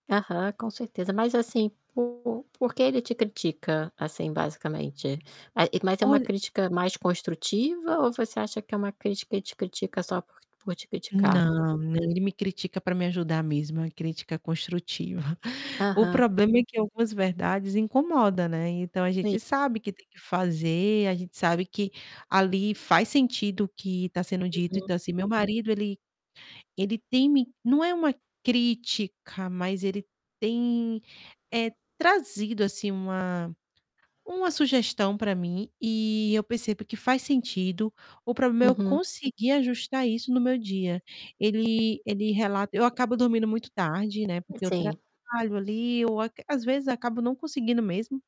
Aham, com certeza. Mas assim, por por que ele te critica, assim basicamente? Eh, mas é uma Olha crítica mais construtiva ou você acha que é uma crítica, e te critica só por por te criticar? Não, não, ele me critica para me ajudar mesmo, uma crítica construtiva. O Aham. problema é que algumas verdades incomoda, né, então a gente Sim. sabe que tem que fazer, a gente sabe que, ali faz sentido o que está sendo dito, Uhum. então assim, meu marido ele ele teme não é uma crítica, mas ele tem, eh, trazido assim uma uma sugestão para mim, e eu percebo que faz sentido, o problema é eu Uhum. conseguir ajustar isso no meu dia, ele ele rela eu acabo dormindo muito tarde, né, porque eu Sim. trabalho ali, eu aqu às vezes, acabo não conseguindo mesmo.